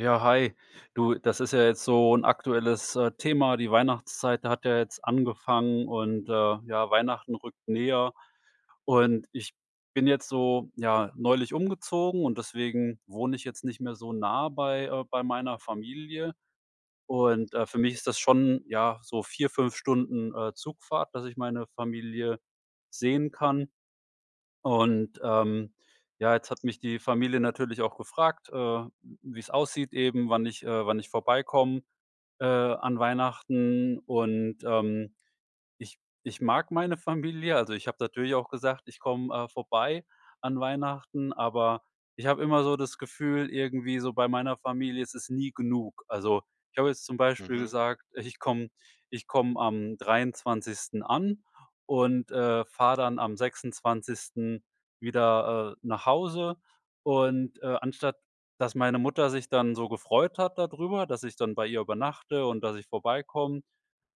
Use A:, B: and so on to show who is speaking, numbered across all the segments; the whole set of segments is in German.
A: Ja, hi. Du, das ist ja jetzt so 'n aktuelles, äh, Thema. Die Weihnachtszeit hat ja jetzt angefangen und, äh, ja, Weihnachten rückt näher. Und ich bin jetzt so, ja, neulich umgezogen und deswegen wohne ich jetzt nicht mehr so nah bei, äh bei meiner Familie. Und, äh, für mich ist das schon, ja, so 4, 5 Stunden, äh, Zugfahrt, dass ich meine Familie sehen kann. Und, ähm, ja, jetzt hat mich die Familie natürlich auch gefragt, äh, w wie's aussieht eben, wann ich, äh wann ich vorbeikomme, äh, an Weihnachten. Und, ähm, ich ich mag meine Familie. Also, ich habe natürlich auch gesagt: „Ich komme, äh, vorbei an Weihnachten.“ Aber ich habe immer so das Gefühl irgendwie so bei meiner Familie ist es nie genug. Also, ich habe jetzt zum Beispiel
B: Mhm.
A: gesagt, ich ich komme ich komme am 23. an und, äh, fahre dann am 26. wieder, äh, nach Hause. Und, äh, anstatt, dass meine Mutter sich dann so gefreut hat dadrüber, dass ich dann bei ihr übernachte und, dass ich vorbeikomme,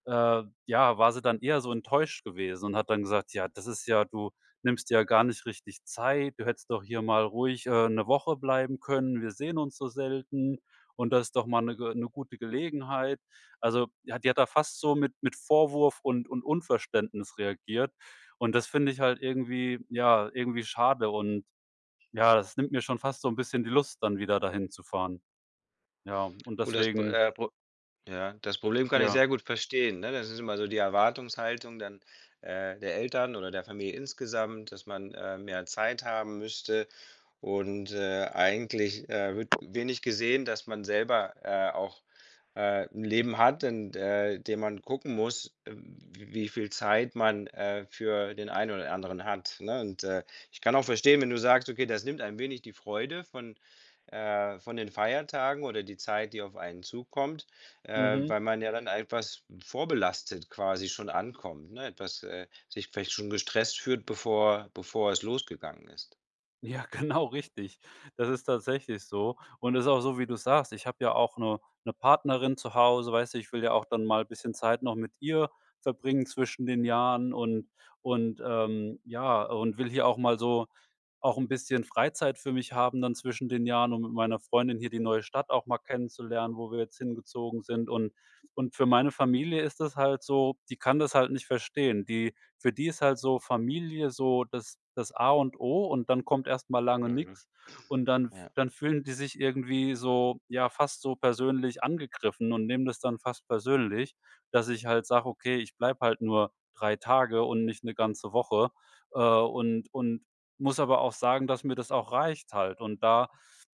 A: äh, ja, war sie dann eher so enttäuscht gewesen und hat dann gesagt: „Ja, das ist ja du nimmst ja gar nicht richtig Zeit. Du hättest doch hier mal ruhig, äh, ne Woche bleiben können. Wir sehen uns so selten. Und das ist doch mal ne Ge ne gute Gelegenheit.“ Also, ja, die hat da fast so mit mit Vorwurf und und Unverständnis reagiert. Und das finde ich halt irgendwie, ja, irgendwie schade und ja, es nimmt mir schon fast so 'n bisschen die Lust, dann wieder dahin zu fahren. Ja, und
B: Gut, das P
A: deswegen
B: äh, Pro ja, das Problem kann ich
A: Ja.
B: sehr gut verstehen, ne? Das ist immer so die Erwartungshaltung dann, äh, der Eltern oder der Familie insgesamt, dass man, ähm, mehr Zeit haben müsste und, äh, eigentlich, äh, wird wenig gesehen, dass man selber, äh, auch, äh, 'n Leben hat, in, äh, dem man gucken muss, w wie viel Zeit man, äh, für den einen oder anderen hat, ne? Und, äh, ich kann auch verstehen, wenn du sagst: „Okay, das nimmt ein wenig die Freude von, äh von den Feiertagen oder die Zeit, die auf einen zukommt.“ Äh,
A: Mhm.
B: weil man ja dann etwas vorbelastet quasi schon ankommt, ne, etwas, äh sich vielleicht schon gestresst fühlt, bevor bevor es losgegangen ist.
A: Ja, genau richtig. Das ist tatsächlich so. Und es ist auch so, wie du's sagst. Ich habe ja auch 'ne 'ne Partnerin zu Hause, weißt du, ich will ja auch dann mal bisschen Zeit noch mit ihr verbringen zwischen den Jahren und und ähm, ja. Und will hier auch mal so auch 'n bisschen Freizeit für mich haben dann zwischen den Jahren, um mit meiner Freundin hier die neue Stadt auch mal kennenzulernen, wo wir jetzt hingezogen sind. Und und für meine Familie ist das halt so, die kann das halt nicht verstehen. Die für die ist halt so Familie so das das A und O, und dann kommt erst mal lange
B: Mhm.
A: nix. Und dann f
B: Ja.
A: dann fühlen die sich irgendwie so ja, fast so persönlich angegriffen und nehmen das dann fast persönlich, dass ich halt sage: „Okay, ich bleibe halt nur 3 Tage und nicht 'ne ganze Woche.“ Äh, und und muss aber auch sagen, dass mir das auch reicht halt. Und da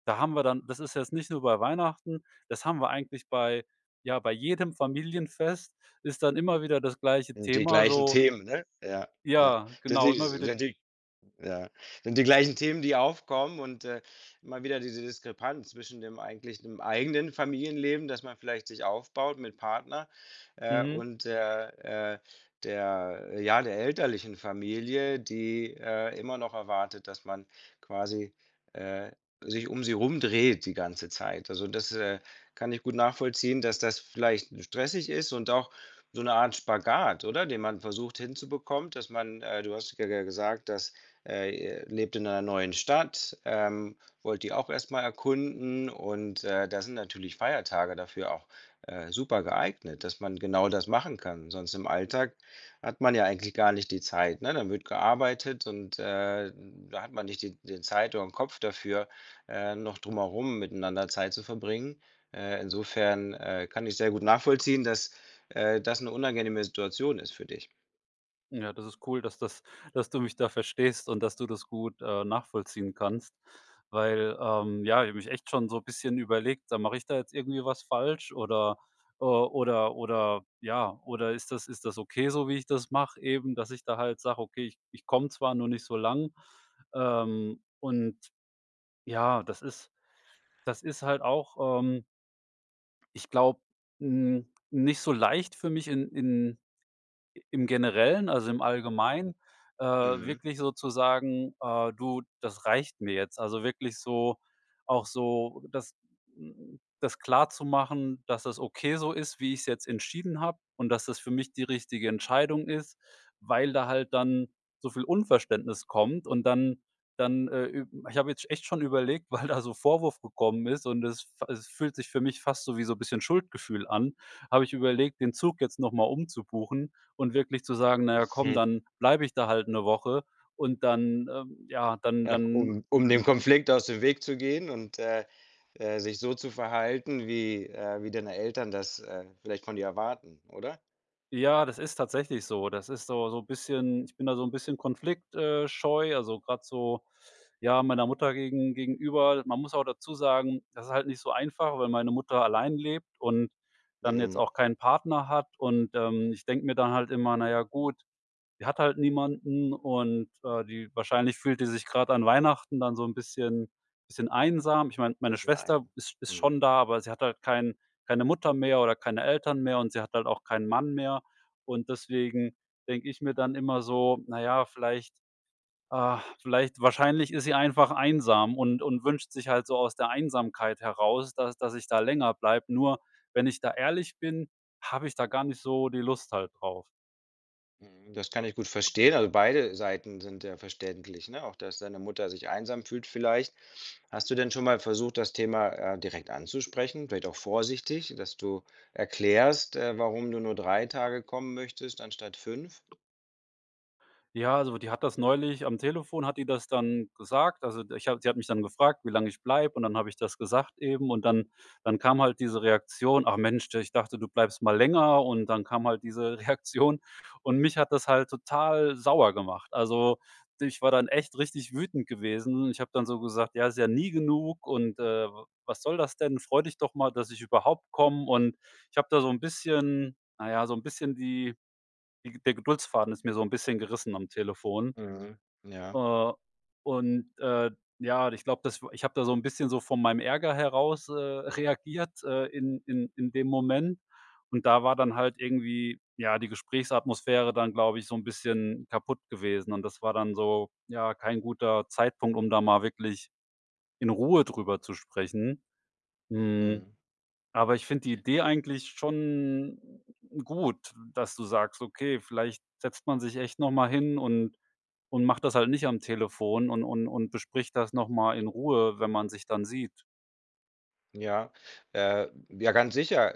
A: da haben wir dann das ist jetzt nicht nur bei Weihnachten, das haben wir eigentlich bei ja, bei jedem Familienfest ist dann immer wieder das gleiche
B: Die
A: Thema
B: gleichen
A: so
B: Themen, ne? Ja, ja.
A: ja genau immer wieder
B: [unintelligible] Ja, sind die gleichen Themen, die aufkommen und, äh, immer wieder diese Diskrepanz zwischen dem eigentlichen dem eigenen Familienleben, das man vielleicht sich aufbaut mit Partner, äh,
A: Mhm.
B: und der äh, der ja, der elterlichen Familie, die, äh, immer noch erwartet, dass man quasi, äh, sich um sie rum dreht die ganze Zeit. Also das ist äh, kann ich gut nachvollziehen, dass das vielleicht stressig ist und auch so 'ne Art Spagat, oder? Den man versucht, hinzubekommen, dass man äh, du hast ge ja gesagt, dass äh, ihr lebt in einer neuen Stadt, ähm, wollt die auch erst mal erkunden und, äh, da sind natürlich Feiertage dafür auch, äh, super geeignet, dass man genau das machen kann. Sonst im Alltag hat man ja eigentlich gar nicht die Zeit, ne? Dann wird gearbeitet und, äh, da hat man nicht die den Zeit oder 'n Kopf dafür, äh, noch drumherum miteinander Zeit zu verbringen. Äh, insofern, äh, kann ich sehr gut nachvollziehen, dass, äh, das 'ne unangenehme Situation ist für dich.
A: Ja, das ist cool, dass das dass du mich da verstehst und dass du das gut, äh, nachvollziehen kannst, weil, ähm, ja, ich habe nämlich echt schon so bisschen überlegt, sag mal mache ich da jetzt irgendwie was falsch oder, äh oder oder ja. Oder ist das ist das okay so, wie ich das mache eben, dass ich da halt sage: „Okay, ich ich komme zwar, nur nicht so lang.“ Ähm, und ja, das ist das ist halt auch, ähm ich glaube, n nicht so leicht für mich in in i im Generellen, also im Allgemeinen, äh,
B: Mhm.
A: wirklich so zu sagen, äh: „Du, das reicht mir jetzt.“ Also, wirklich so auch so das hm, das klarzumachen, dass das okay so ist, wie ich's jetzt entschieden habe und dass das für mich die richtige Entscheidung ist, weil da halt dann so viel Unverständnis kommt, und dann dann, äh, ü ich habe jetzt echt schon überlegt, weil da so Vorwurf gekommen ist und es f es fühlt sich für mich fast so wie so bisschen Schuldgefühl an, habe ich überlegt, den Zug jetzt noch mal umzubuchen und wirklich zu sagen, na ja, komm,
B: Mhm.
A: dann bleibe ich da halt 'ne Woche und dann, ähm, ja, dann
B: Ach,
A: dann
B: um um dem Konflikt aus dem Weg zu gehen und, äh, äh, sich so zu verhalten, wie äh, wie deine, Eltern das, äh, vielleicht von dir erwarten, oder?
A: Ja, das ist tatsächlich so. Das ist so so bisschen ich bin da so 'n bisschen Konflikt äh, scheu, also grad so, ja, meiner Mutter gegen gegenüber. Man muss aber dazu sagen, das ist halt nicht so einfach, weil meine Mutter allein lebt und dann jetzt
B: Mhm.
A: auch keinen Partner hat, und, ähm, ich denke mir dann halt immer: „Na ja, gut, sie hat halt niemanden und, äh, die wahrscheinlich fühlt die sich grad an Weihnachten dann so 'n bisschen bisschen einsam.“ Ich meine, meine Schwester
B: [unintelligible]
A: ist ist
B: Mhm.
A: schon da, aber sie hat halt kein keine Mutter mehr oder keine Eltern mehr, und sie hat halt auch keinen Mann mehr. Und deswegen denke ich mir dann immer so: „Na ja, vielleicht ah, vielleicht wahrscheinlich ist sie einfach einsam und und wünscht sich halt so aus der Einsamkeit heraus, dass dass ich da länger bleibe.“ Nur wenn ich da ehrlich bin, habe ich da gar nicht so die Lust halt drauf.
B: Mhm, das kann ich gut verstehen, also beide Seiten sind ja verständlich, ne? Auch, dass deine Mutter sich einsam fühlt vielleicht. Hast du denn schon mal versucht, das Thema, äh, direkt anzusprechen? Vielleicht auch vorsichtig, dass du erklärst, äh, warum du nur 3 Tage kommen möchtest anstatt 5?
A: Ja, also die hat das neulich am Telefon hat die das dann gesagt. Also d ich habe sie hat mich dann gefragt, wie lang ich bleibe, und dann habe ich das gesagt eben. Und dann dann kam halt diese Reaktion: „Ach Mensch, de ich dachte, du bleibst mal länger“ und dann kam halt diese Reaktion. Und mich hat das halt total sauer gemacht. Also, du, ich war dann echt richtig wütend gewesen. Ich habe dann so gesagt: „Ja, ist ja nie genug“ und, äh: „W was soll das denn? Freu dich doch mal, dass ich überhaupt komme.“ Und ich habe da so 'n bisschen na ja, so 'n bisschen die die Ge der Geduldsfaden ist mir so 'n bisschen gerissen am Telefon.
B: Mhm, ja.
A: Äh, und, äh, ja, od ich glaube, das war ich habe da so 'n bisschen so von meinem Ärger heraus, äh, reagiert, äh, in in in dem Moment. Und da war dann halt irgendwie, ja, die Gesprächsatmosphäre dann, glaube ich, so 'n bisschen kaputt gewesen. Und das war dann so ja, kein guter Zeitpunkt, um da mal wirklich in Ruhe drüber zu sprechen, hm,
B: Mhm.
A: aber ich finde die Idee
B: Für
A: eigentlich schon gut, dass du sagst: Okay, vielleicht setzt man sich echt noch mal hin und und macht das halt nicht am Telefon und und und bespricht das noch mal in Ruhe, wenn man sich dann sieht.
B: Ja, äh, ja, ganz sicher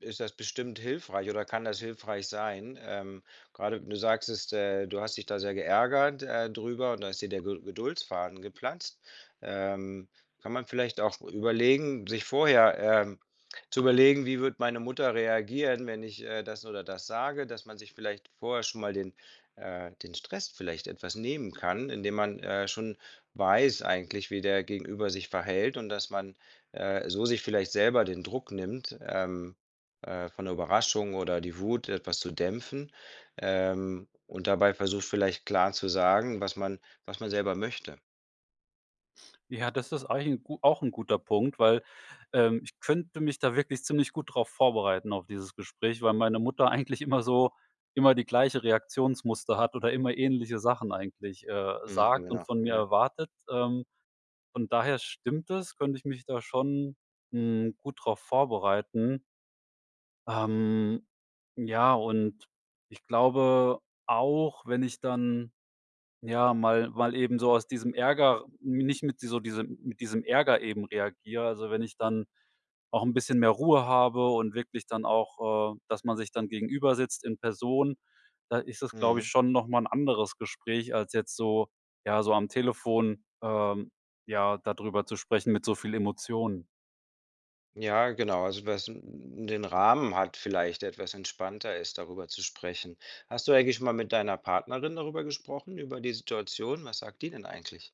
B: ist das bestimmt hilfreich oder kann das hilfreich sein, ähm, grade du sagtest, äh, du hast dich da sehr geärgert, äh, drüber, und da ist dir der Ged Geduldsfaden geplatzt. Ähm, kann man vielleicht auch überlegen, sich vorher, ähm, zu überlegen: „Wie wird meine Mutter reagieren, wenn ich, äh, das oder das sage?“, dass man sich vielleicht vorher schon mal den äh, den Stress vielleicht etwas nehmen kann, indem man, äh, schon weiß eigentlich, wie der Gegenüber sich verhält und dass man, äh, so sich vielleicht selber den Druck nimmt, ähm, äh, von der Überraschung oder die Wut, etwas zu dämpfen, ähm, und dabei versucht, vielleicht klar zu sagen, was man was man selber möchte.
A: Ja, das ist eigentlich 'n gu auch 'n guter Punkt, weil, ähm, ich könnte mich da wirklich ziemlich gut drauf vorbereiten auf dieses Gespräch, weil meine Mutter eigentlich immer so immer die gleiche Reaktionsmuster hat oder immer ähnliche Sachen eigentlich, äh,
B: Mhm,
A: sagt und
B: genau.
A: von mir
B: Ja.
A: erwartet. Ähm, von daher stimmt es, könnte ich mich da schon, hm, gut drauf vorbereiten. Ähm, ja, und ich glaube auch, wenn ich dann, ja, mal mal eben so aus diesem Ärger r nicht mit die so diesem mit diesem Ärger eben reagiere. Also, wenn ich dann auch 'n bisschen mehr Ruhe habe und wirklich dann auch, äh, dass man sich dann gegenübersitzt in Person, da ist das, glaube ich,
B: Mhm.
A: schon noch mal 'n anderes Gespräch als jetzt so ja, so am Telefon, ähm, ja, da drüber zu sprechen mit so viel Emotionen.
B: Ja, genau, also was n n den Rahmen halt vielleicht, etwas entspannter ist, darüber zu sprechen. Hast du eigentlich schon mal mit deiner Partnerin darüber gesprochen, über die Situation? Was sagt die denn eigentlich?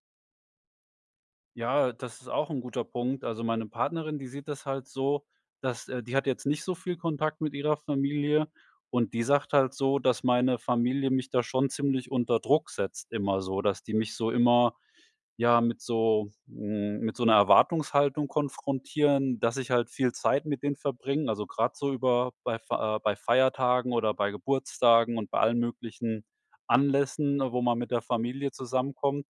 A: Ja, das ist auch 'n guter Punkt. Also, meine Partnerin, die sieht das halt so, dass äh, die hat jetzt nicht so viel Kontakt mit ihrer Familie, und die sagt halt so, dass meine Familie mich da schon ziemlich unter Druck setzt immer so, dass die mich so immer, ja, mit so hm, mit so 'ner Erwartungshaltung konfrontieren, dass ich halt viel Zeit mit denen verbringe. Also grade so über bei Fa äh, bei Feiertagen oder bei Geburtstagen und bei allen möglichen Anlässen, ne, wo man mit der Familie zusammenkommt.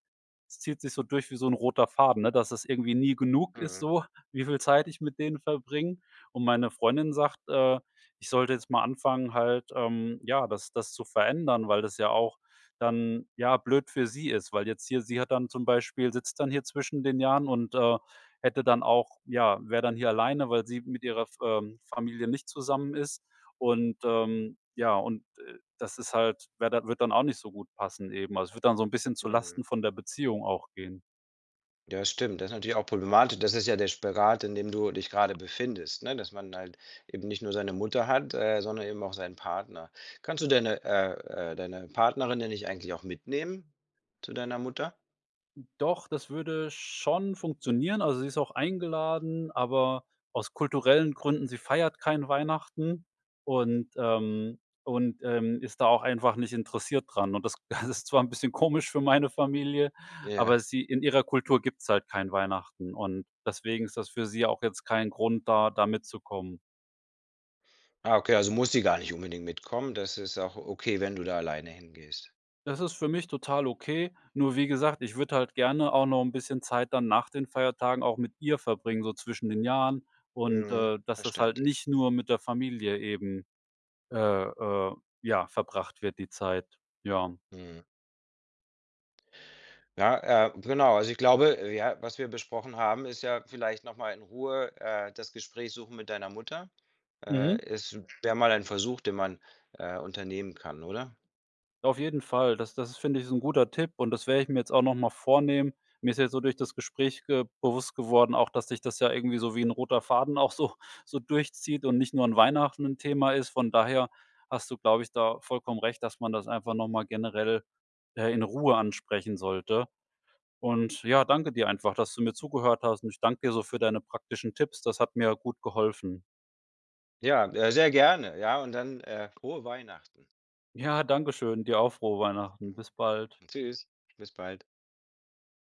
A: Es zieht sich so durch wie so 'n roter Faden, ne, dass es irgendwie nie genug ist
B: Mhm.
A: so, wie viel Zeit ich mit denen verbringe. Und meine Freundin sagt, äh, ich sollte jetzt mal anfangen halt, ähm, ja, das das zu verändern, weil das ja auch dann, ja, blöd für sie ist, weil jetzt hier sie hat dann zum Beispiel sitzt dann hier zwischen den Jahren und, äh, hätte dann auch ja, wäre dann hier alleine, weil sie mit ihrer F ähm, Familie nicht zusammen ist. Und, ähm ja, und, äh, das ist halt wäre da würde dann auch nicht so gut passen eben. Also, es würde dann so 'n bisschen
B: Mhm.
A: zulasten von der Beziehung auch gehen.
B: Ja, stimmt. Das ist natürlich auch problematisch. Das ist ja der Spagat, in dem du dich gerade befindest, ne, dass man halt eben nicht nur seine Mutter hat, äh, sondern eben auch seinen Partner. Kannst du denn, äh äh, deine Partnerin denn nicht eigentlich auch mitnehmen zu deiner Mutter?
A: Doch, das würde schon funktionieren. Also, sie ist auch eingeladen, aber aus kulturellen Gründen sie feiert kein Weihnachten und, ähm und, ähm, ist da auch einfach nicht interessiert dran. Und das das ist zwar 'n bisschen komisch für meine Familie, aber
B: Ja.
A: sie in ihrer Kultur gibt's halt kein Weihnachten und deswegen ist das für sie auch jetzt kein Grund da da mitzukommen.
B: Ah, okay, also muss sie gar nicht unbedingt mitkommen. Das ist auch okay, wenn du da alleine hingehst.
A: Das ist für mich total okay. Nur, wie gesagt, ich würde halt gerne auch noch 'n bisschen Zeit dann nach den Feiertagen auch mit ihr verbringen, so zwischen den Jahren. Und,
B: Mhm,
A: äh, dass das halt
B: verständlich.
A: nicht nur mit der Familie eben äh äh, ja, verbracht wird die Zeit. Ja.
B: Mhm. Ja, äh, genau. Also, ich glaube, ja, was wir besprochen haben, ist ja vielleicht noch mal in Ruhe, äh, das Gespräch suchen mit deiner Mutter.
A: Mhm.
B: Äh, es wär mal ein Versuch, den man, äh, unternehmen kann, oder?
A: Auf jeden Fall, das das ist finde ich ist 'n guter Tipp und das werde ich mir jetzt auch noch mal vornehmen. Mir ist jetzt so durch das Gespräch ge bewusst geworden, auch dass sich das ja irgendwie so wie 'n roter Faden auch so so durchzieht und nicht nur an Weihnachten 'n Thema ist. Von daher hast du, glaube ich, da vollkommen recht, dass man das einfach noch mal generell, äh, in Ruhe ansprechen sollte. Und ja, danke dir einfach, dass du mir zugehört hast und ich danke dir so für deine praktischen Tipps. Das hat mir gut geholfen.
B: Ja, äh, sehr gerne, ja, und dann, äh, frohe Weihnachten!
A: Ja, Dankeschön, dir auch frohe Weihnachten.
B: [unintelligible]
A: Bis bald.
B: Tschüss, bis bald.